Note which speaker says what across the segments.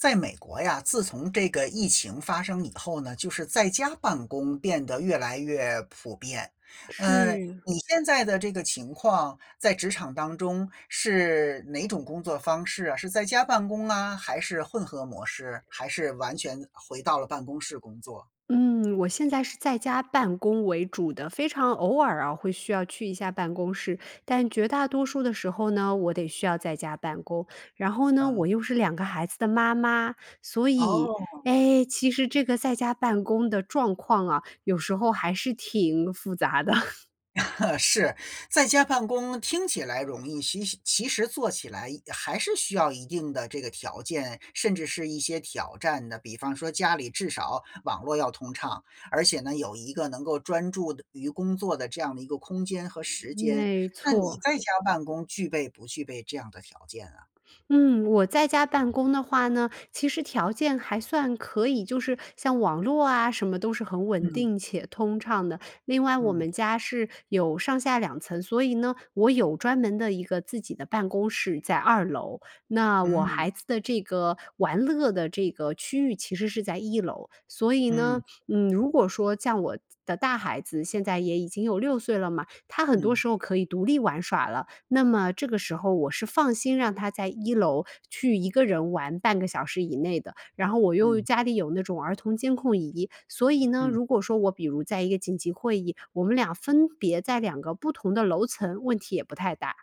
Speaker 1: 在美国呀，自从这个疫情发生以后呢，就是在家办公变得越来越普遍。呃，
Speaker 2: 是。
Speaker 1: 你现在的这个情况，在职场当中是哪种工作方式啊？是在家办公啊？还是混合模式？还是完全回到了办公室工作？
Speaker 2: 嗯，我现在是在家办公为主的，非常偶尔啊，会需要去一下办公室。但绝大多数的时候呢，我得需要在家办公。然后呢，
Speaker 1: 嗯。
Speaker 2: 我又是2个孩子的妈妈，所以，
Speaker 1: 哦。
Speaker 2: 诶，其实这个在家办公的状况啊，有时候还是挺复杂的。
Speaker 1: 是。在家办公听起来容易，其其实做起来，一还是需要一定的这个条件，甚至是一些挑战的。比方说家里至少网络要通畅，而且呢，有一个能够专注的于工作的这样的一个空间和时间，
Speaker 2: 没
Speaker 1: 那你
Speaker 2: 错。
Speaker 1: 在家办公具备不具备这样的条件啊？
Speaker 2: 嗯，我在家办公的话呢，其实条件还算可以，就是像网络啊什么，都是很稳
Speaker 1: 嗯。
Speaker 2: 定且通畅的。另外我
Speaker 1: 嗯。
Speaker 2: 们家是有上下2层，所以呢，我有专门的一个自己的办公室在2楼，那我
Speaker 1: 嗯。
Speaker 2: 孩子的这个玩乐的这个区域其实是在1楼。所以
Speaker 1: 嗯。
Speaker 2: 呢，嗯，如果说像我自的大孩子现在也已经有6岁了嘛，他很多
Speaker 1: 嗯。
Speaker 2: 时候可以独立玩耍了，那么这个时候我是放心让他在1楼去1个人玩半个小时以内的。然后我又
Speaker 1: 嗯。
Speaker 2: 家里有那种儿童监控仪，所以呢，
Speaker 1: 嗯
Speaker 2: 如果说我比如在一个紧急会议，我们俩分别在2个不同的楼层，问题也不太大。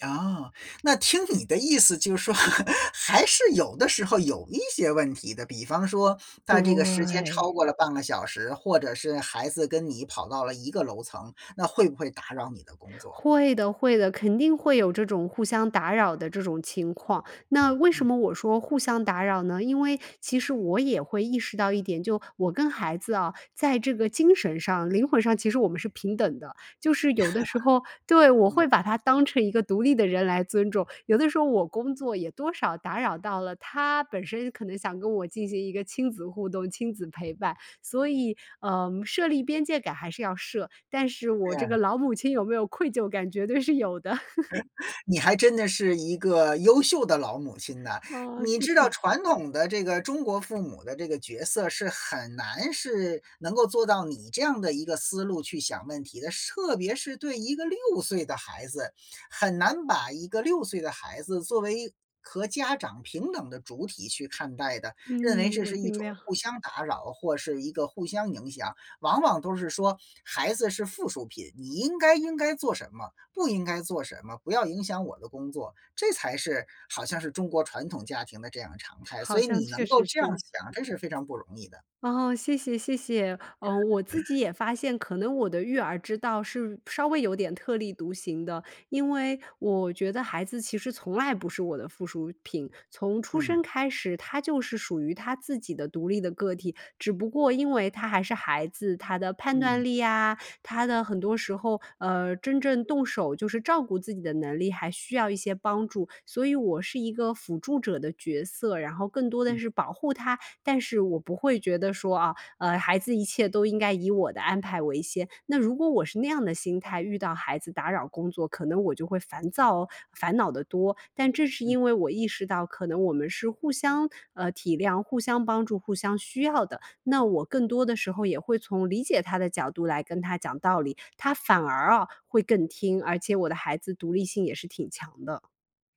Speaker 1: 啊。那听你的意思就是说，还是有的时候有一些问题的，比方说它这个时间超
Speaker 2: 对。
Speaker 1: 过了半个小时，或者是孩子跟你跑到了一个楼层，那会不会打扰你的工作？
Speaker 2: 会的会的，肯定会有这种互相打扰的这种情况。那为
Speaker 1: 嗯。
Speaker 2: 什么我说互相打扰呢？因为其实我也会意识到一点，就我跟孩子哦，在这个精神上、灵魂上，其实我们是平等的，就是有的时候，对，我
Speaker 1: 嗯。
Speaker 2: 把他当成一个独立的人来尊重。有的时候我工作也多少打扰到了他本身可能想跟我进行一个亲子互动、亲子陪伴。所以，呃，设立边界感还是要设，但是我这个
Speaker 1: 嗯。
Speaker 2: 老母亲有没有愧疚感，绝对是有的。
Speaker 1: 你还真的是一个优秀的老母亲呢。
Speaker 2: 啊，
Speaker 1: 你
Speaker 2: 谢
Speaker 1: 知道
Speaker 2: 谢。
Speaker 1: 传统的这个中国父母的这个角色是很难是能够做到你这样的一个思路去想问题的。是特别是对一个6岁的孩子，很难把一个6岁的孩子作为和家长平等的主体去看待的，认为
Speaker 2: 嗯，
Speaker 1: 这
Speaker 2: 我
Speaker 1: 是一
Speaker 2: 尽
Speaker 1: 种
Speaker 2: 量。
Speaker 1: 互相打扰或是一个互相影响。往往都是说孩子是附属品，你应该应该做什么，不应该做什么，不要影响我的工作，这才是好像是中国传统家庭的这样常
Speaker 2: 是
Speaker 1: 态。
Speaker 2: 好
Speaker 1: 所以
Speaker 2: 像
Speaker 1: 你
Speaker 2: 确
Speaker 1: 能够
Speaker 2: 实
Speaker 1: 这样
Speaker 2: 是。
Speaker 1: 想，真是非常不容易的。
Speaker 2: 哦，谢谢谢谢。嗯，我自 己也发现可能我的育儿之道是稍微有点特立独行的，因为我觉得孩子其实从来不是我的附属品。从出
Speaker 1: 嗯。
Speaker 2: 生开始，他就是属于他自己的独立的个体。只不过因为他还是孩子，他的判断
Speaker 1: 嗯。
Speaker 2: 力呀，他的很多时候，呃，真正动手就是照顾自己的能力，还需要一些帮助。所以我是一个辅助者的角色，然后更多
Speaker 1: 嗯。
Speaker 2: 的是保护他，但是我不会觉得说，啊，呃，孩子一切都应该以我的安排为先。那如果我是那样的心态，遇到孩子打扰工作，可能我就会烦躁、烦恼得多。但正是
Speaker 1: 嗯。
Speaker 2: 因为我意识到可能我们是互相，呃，体谅、互相帮助、互相需要的，那我更多的时候也会从理解他的角度来跟他讲道理，他反而啊会更听，而且我的孩子独立性也是挺强的。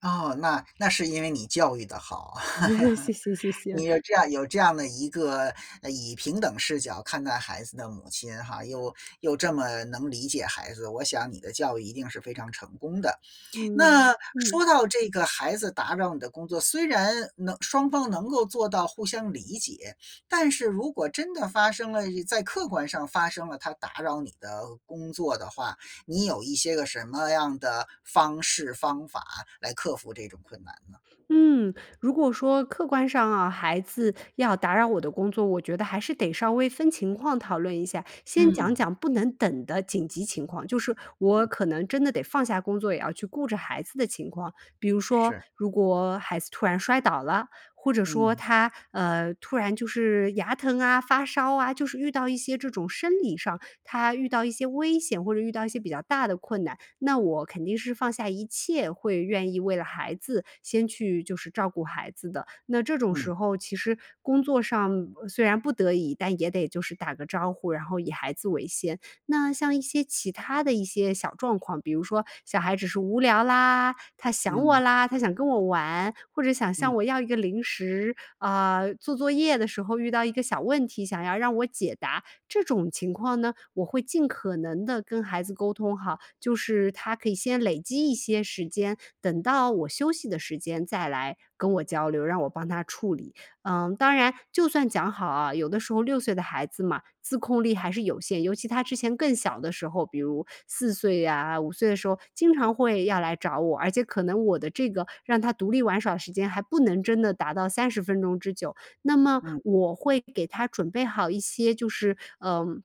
Speaker 1: 哦，那那是因为你教育得好啊，
Speaker 2: 谢谢谢谢。
Speaker 1: 你有这样有这样的一个以平等视角看待孩子的母亲哈，又又这么能理解孩子，我想你的教育一定是非常成功的。
Speaker 2: 嗯，
Speaker 1: 那
Speaker 2: 嗯。
Speaker 1: 说到这个孩子打扰你的工作，虽然能双方能够做到互相理解，但是如果真的发生了，在客观上发生了，他打扰你的工作的话，你有一些个什么样的方式方法来克服这种困难呢？
Speaker 2: 嗯，如果说客观上啊，孩子要打扰我的工作，我觉得还是得稍微分情况讨论一下，先讲
Speaker 1: 嗯。
Speaker 2: 讲不能等的紧急情况，就是我
Speaker 1: 嗯。
Speaker 2: 可能真的得放下工作，也要去顾着孩子的情况。比如说
Speaker 1: 是。
Speaker 2: 如果孩子突然摔倒了，或者说
Speaker 1: 嗯。
Speaker 2: 他，呃，突然就是牙疼啊，发烧啊，就是遇到一些这种生理上，他遇到一些危险或者遇到一些比较大的困难，那我肯定是放下一切会愿意为了孩子，先去就是照顾孩子的。那这种
Speaker 1: 嗯。
Speaker 2: 时候其实工作上虽然不得已，但也得就是打个招呼，然后以孩子为先。那像一些其他的一些小状况，比如说小孩只是无聊啦，他想
Speaker 1: 嗯。
Speaker 2: 我啦，他想跟我玩，或者想
Speaker 1: 嗯。
Speaker 2: 向我要一个零食，啊，做作业的时候遇到一个小问题，想要让我解答，这种情况呢，我会尽可能地跟孩子沟通哈，就是他可以先累积一些时间，等到我休息的时间再来跟我交流，让我帮他处理。嗯，当然，就算讲好啊，有的时候6岁的孩子嘛，自控力还是有限，尤其他之前更小的时候，比如4岁呀，5岁的时候经常会要来找我，而且可能我的这个让他独立玩耍的时间还不能真的达到30分钟之久。那么
Speaker 1: 嗯。
Speaker 2: 我会给他准备好一些就是，呃，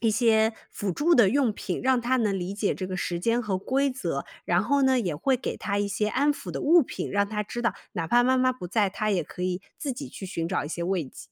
Speaker 2: 一些辅助的用品，让他能理解这个时间和规则，然后呢，也会给他一些安抚的物品，让他知道哪怕妈妈不在，他也可以自己去寻找一些慰藉。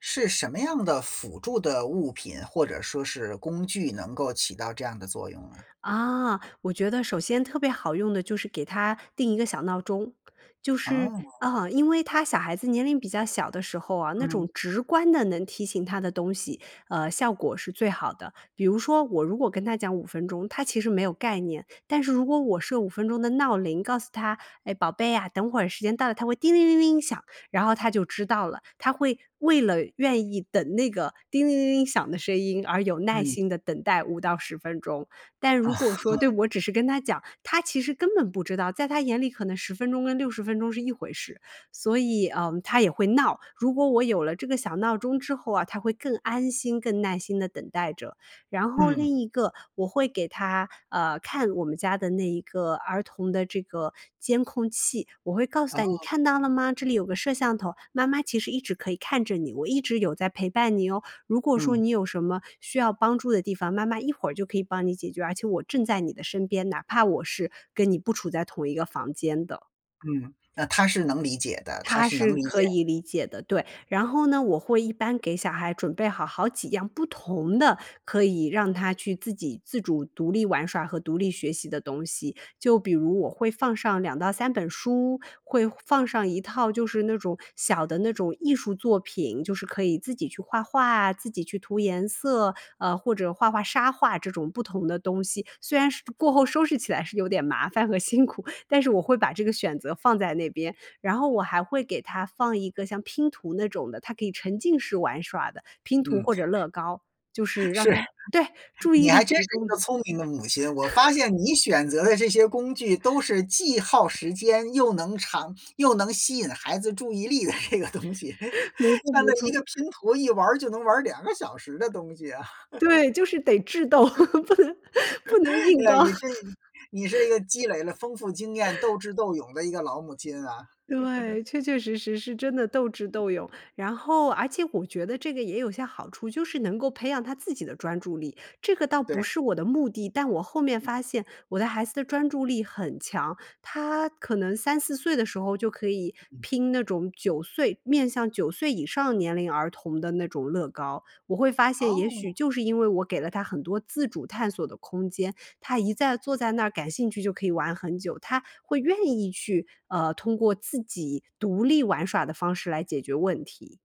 Speaker 1: 是什么样的辅助的物品，或者说是工具能够起到这样的作用呢？
Speaker 2: 啊，我觉得首先特别好用的就是给他定一个小闹钟。就是，
Speaker 1: 啊。
Speaker 2: 啊，因为他小孩子年龄比较小的时候啊，那
Speaker 1: 嗯。
Speaker 2: 种直观的能提醒他的东西，呃，效果是最好的，比如说我如果跟他讲5分钟，他其实没有概念。但是如果我设5分钟的闹铃告诉他，诶，宝贝啊，等会时间到了它会叮铃铃铃响。然后他就知道了，他会为了愿意等那个叮铃铃铃响的声音，而有耐
Speaker 1: 嗯。
Speaker 2: 心地等待5到10分钟，但如果说对，我只是跟他讲，他其实根本不知道，在他眼里可能10分钟跟60分钟是一回事，所以，呃，他也会闹，如果我有了这个小闹钟之后啊，他会更安心更耐心地等待着。然后
Speaker 1: 嗯。
Speaker 2: 另一个我会给他，呃，看我们家的那一个儿童的这个监控器，我会告诉他你
Speaker 1: 哦。
Speaker 2: 看到了吗？这里有个摄像头，妈妈其实一直可以看着你，我一直有在陪伴你哦，如果说
Speaker 1: 嗯。
Speaker 2: 你有什么需要帮助的地方，妈妈一会儿就可以帮你解决，而且我正在你的身边，哪怕我是跟你不处在同一个房间的。
Speaker 1: 嗯，那他是能理解的，他
Speaker 2: 他
Speaker 1: 是
Speaker 2: 是
Speaker 1: 能理
Speaker 2: 可
Speaker 1: 解。
Speaker 2: 以理解的，对。然后呢，我会一般给小孩准备好好几样不同的、可以让他去自己自主独立玩耍和独立学习的东西，就比如我会放上2到3本书，会放上一套就是那种小的那种艺术作品，就是可以自己去画画啊，自己去涂颜色，呃，或者画画沙画这种不同的东西，虽然是过后收拾起来是有点麻烦和辛苦，但是我会把这个选择放在那边。然后我还会给他放一个像拼图那种的，他可以沉浸式玩耍的拼图
Speaker 1: 嗯。
Speaker 2: 或者乐高，就是让
Speaker 1: 是。
Speaker 2: 他对，注意
Speaker 1: 你
Speaker 2: 力
Speaker 1: 还真是
Speaker 2: 集
Speaker 1: 一
Speaker 2: 中的。
Speaker 1: 个聪明的母亲，我发 现你选择的这些工具都是既耗时间又能长又能吸引孩子注意力的这个东西，
Speaker 2: 没错，
Speaker 1: 像
Speaker 2: 没
Speaker 1: 那一
Speaker 2: 错。
Speaker 1: 个 拼图一玩儿就能玩儿2个小时的东西啊。
Speaker 2: 对，就是得智斗，不能不能 硬
Speaker 1: 那
Speaker 2: 刚。
Speaker 1: 你这，你是一个积累了丰富经验，斗 智斗勇的一个老母亲啊。
Speaker 2: 对，确确实实是真的斗智
Speaker 1: 嗯。
Speaker 2: 斗勇，然后而且我觉得这个也有些好处，就是能够培养他自己的专注力。这个倒不
Speaker 1: 对。
Speaker 2: 是我的目的，但我后面
Speaker 1: 嗯。
Speaker 2: 发现，我的孩子的专注力很强，他可能3-4岁的时候就可以拼那种9岁面向9岁以上年龄儿童的那种乐高，我会发现也许
Speaker 1: 哦。
Speaker 2: 就是因为我给了他很多自主探索的空间，他一在坐在那感兴趣就可以玩很久，他会愿意去，呃，通过自己独立玩耍的方式来解决问题。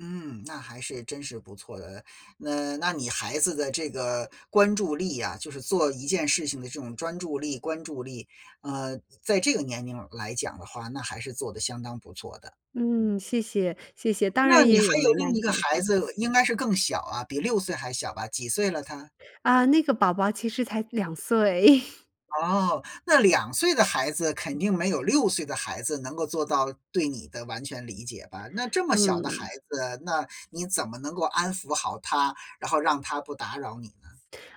Speaker 1: 嗯，那还是真是不错的，那那你孩子的这个关注力啊，就是做一件事情的这种专注力、关注力，呃，在这个年龄来讲的话，那还是做得相当不错的。嗯。
Speaker 2: 嗯，谢谢，谢谢，当
Speaker 1: 那
Speaker 2: 然
Speaker 1: 你
Speaker 2: 也
Speaker 1: 还
Speaker 2: 有
Speaker 1: 有
Speaker 2: 没
Speaker 1: 另
Speaker 2: 耐
Speaker 1: 一个
Speaker 2: 心的时
Speaker 1: 孩
Speaker 2: 候。
Speaker 1: 子应该是更小啊，比6岁还小吧，几岁了他？
Speaker 2: 啊，那个宝宝其实才2岁。
Speaker 1: 哦，那2岁的孩子肯定没有6岁的孩子能够做到对你的完全理解吧？那这么小的孩
Speaker 2: 嗯。
Speaker 1: 子，那你怎么能够安抚好他，然后让他不打扰你呢？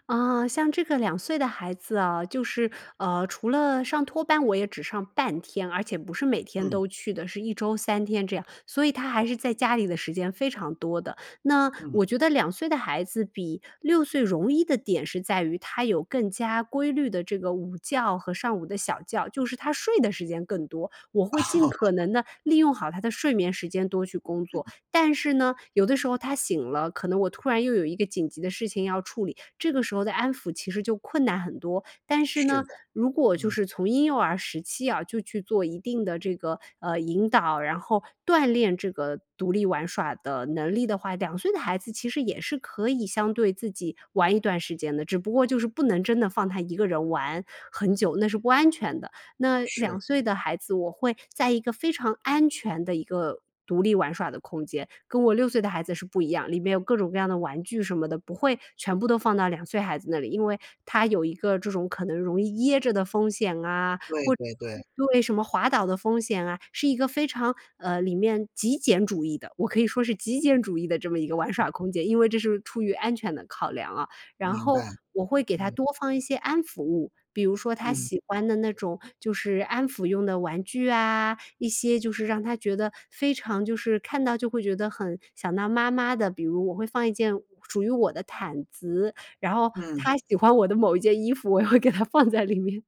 Speaker 2: 啊，像这个2岁的孩子哦，就是，呃，除了上托班我也只上半天，而且不是每天
Speaker 1: 嗯。
Speaker 2: 都去的，是1周3天这样，所以他还是在家里的时间非常多的。那
Speaker 1: 嗯。
Speaker 2: 我觉得2岁的孩子比6岁容易的点是在于他有更加规律的这个午觉和上午的小觉，就是他睡的时间更多，我会尽可 能地利用好他的睡眠时间多去工作。
Speaker 1: 嗯。
Speaker 2: 但是呢，有的时候他醒了，可能我突然又有一个紧急的事情要处理，这个时候的安抚其实就困难很多。但是
Speaker 1: 是
Speaker 2: 呢，
Speaker 1: 的，
Speaker 2: 如果就
Speaker 1: 嗯。
Speaker 2: 是从婴幼儿时期啊，就去做一定的这个，呃，引导，然后锻炼这个独立玩耍的能力的话，2岁的孩子其实也是可以相对自己玩一段时间的，只不过就是不能真的放他一个人玩很久，那是不安全的。那
Speaker 1: 是。
Speaker 2: 2岁的孩子我会在一个非常安全的一个独立玩耍的空间，跟我6岁的孩子是不一样，里面有各种各样的玩具什么的，不会全部都放到2岁孩子那里。因为他有一个这种可能容易噎着的风险啊，
Speaker 1: 对，对，对。
Speaker 2: 或对，因为什么滑倒的风险啊，是一个非常，呃，里面极简主义的，我可以说是极简主义的这么一个玩
Speaker 1: 嗯。
Speaker 2: 耍空间，因为这是出于安全的考量啊。然
Speaker 1: 明
Speaker 2: 后
Speaker 1: 白，
Speaker 2: 我会给他
Speaker 1: 嗯。
Speaker 2: 多放一些安抚物，比如说他
Speaker 1: 嗯。
Speaker 2: 喜欢的那种就是安抚用的玩具啊，一些就是让他觉得非常就是看到就会觉得很想到妈妈的，比如我会放一件属于我的毯子，然后
Speaker 1: 嗯。
Speaker 2: 他喜欢我的某一件衣服，我也会给它放在里面。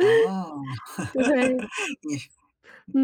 Speaker 1: 哦，
Speaker 2: 对，
Speaker 1: 你是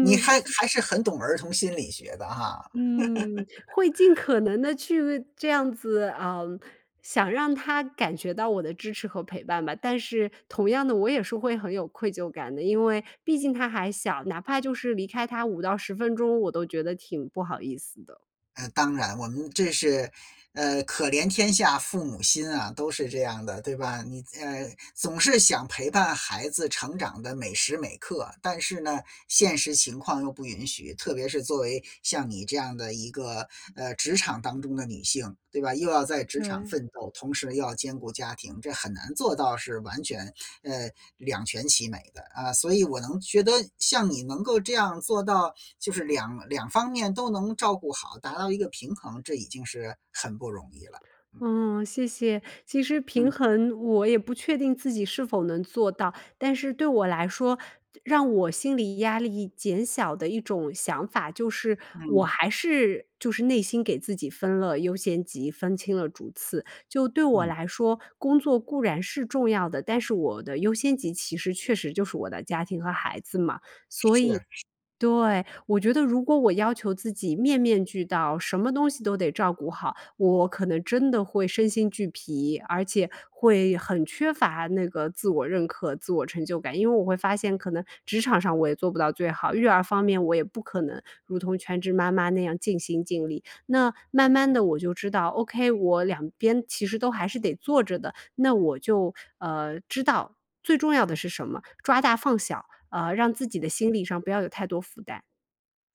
Speaker 1: 你还还是很懂儿童心理学的哈。
Speaker 2: 嗯，会尽 可能地去这样子，呃，想让他感觉到我的支持和陪伴吧。但是同样的，我也是会很有愧疚感的，因为毕竟他还小，哪怕就是离开他5到10分钟，我都觉得挺不好意思的。
Speaker 1: 呃，当然我们这是，呃，可怜天下父母心啊，都是这样的，对吧，你，呃，总是想陪伴孩子成长的每时每刻，但是呢，现实情况又不允许，特别是作为像你这样的一个，呃，职场当中的女性，对吧？又要在职场
Speaker 2: 对。
Speaker 1: 奋斗，同时又要兼顾家庭，这很难做到是完全，呃，两全其美的啊。所以我能觉得像你能够这样做到，就是两两方面都能照顾好，达到一个平衡，这已经是很不容易了。嗯。
Speaker 2: 嗯，谢谢，其实平
Speaker 1: 嗯。
Speaker 2: 衡我也不确定自己是否能做到，但是对我来说，让我心理压力减小的一种想法，就是我
Speaker 1: 嗯。
Speaker 2: 还是就是内心给自己分了优先级，分清了主次。就对我
Speaker 1: 嗯。
Speaker 2: 来说，工作固然是重要的，但是我的优先级其实确实就是我的家庭和孩子嘛，所以
Speaker 1: 是，是。
Speaker 2: 对，我觉得如果我要求自己面面俱到，什么东西都得照顾好，我可能真的会身心俱疲，而且会很缺乏那个自我认可，自我成就感。因为我会发现可能职场上我也做不到最好，育儿方面我也不可能如同全职妈妈那样尽心尽力，那慢慢地我就知道 OK，我两边其实都还是得做着的，那我就，呃，知道最重要的是什么，抓大放小，呃，让自己的心理上不要有太多负担。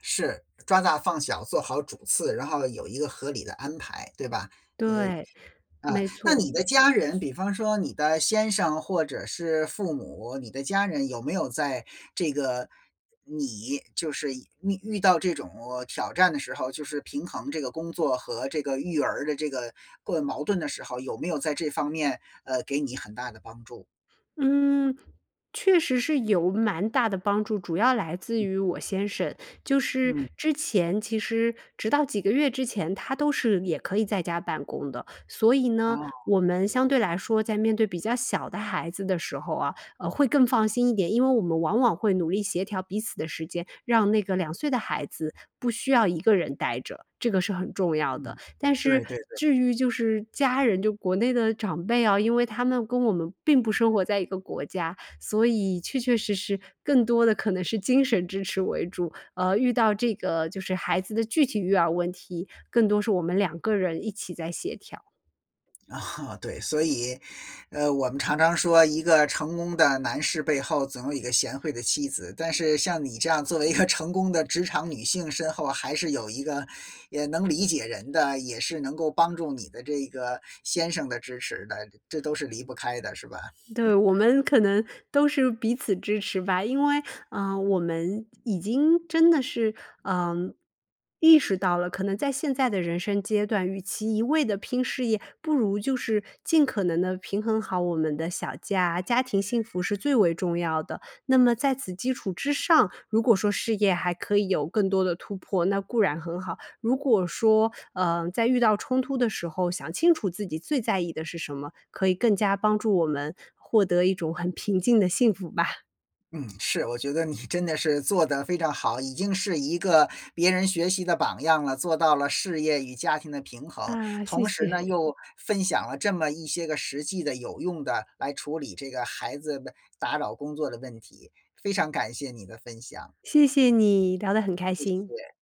Speaker 1: 是，抓大放小，做好主次，然后有一个合理的安排，对吧？
Speaker 2: 对，
Speaker 1: 呃，啊，
Speaker 2: 没
Speaker 1: 那
Speaker 2: 错。
Speaker 1: 你的家人，比方说你的先生或者是父母，你的家人有没有在这个，你，就是遇遇到这种挑战的时候，就是平衡这个工作和这个育儿的这个过矛盾的时候，有没有在这方面，呃，给你很大的帮助？
Speaker 2: 嗯，确实是有蛮大的帮助，主要来自
Speaker 1: 嗯。
Speaker 2: 于我先生。就是
Speaker 1: 嗯。
Speaker 2: 之前，其实直到几个月之前，他都是也可以在家办公的，所以呢，
Speaker 1: 哦。
Speaker 2: 我们相对来说，在面对比较小的孩子的时候啊，呃，会更放心一点。因为我们往往会努力协调彼此的时间，让那个2岁的孩子，不需要一个人呆着，这个是很重要的。
Speaker 1: 嗯，
Speaker 2: 但是
Speaker 1: 对对对。
Speaker 2: 至于就是家人，就国内的长辈啊，因为他们跟我们并不生活在一个国家，所以确确实实更多的可能是精神支持为主，呃，遇到这个就是孩子的具体育儿问题，更多是我们两个人一起在协调。
Speaker 1: 啊，对，所以，呃，我们常常说一个成功的男士背后总有一个贤惠的妻子，但是像你这样作为一个成功的职场女性身后还是有一个，也能理解人的，也是能够帮助你的这个先生的支持的，这都是离不开的，是吧？
Speaker 2: 对，我 们可能都是彼此支持吧，因为，呃，我们已经真的是，呃，意识到了，可能在现在的人生阶段，与其一味地拼事业，不如就是尽可能地平衡好我们的小家，家庭幸福是最为重要的。那么在此基础之上，如果说事业还可以有更多地突破，那固然很好。如果说，呃，在遇到冲突的时候，想清楚自己最在意的是什么，可以更加帮助我们获得一种很平静的幸福吧。
Speaker 1: 嗯，是，我觉得你真的是做得非常好，已经是一个别人学习的榜样了，做到了事业与家庭的平衡。
Speaker 2: 啊，谢
Speaker 1: 同时
Speaker 2: 谢。
Speaker 1: 呢，又分享了这么一些个实际的、有用的来处理这个孩子的打扰工作的问题，非常感谢你的分享。
Speaker 2: 谢谢你，聊得很开
Speaker 1: 谢
Speaker 2: 心。
Speaker 1: 谢。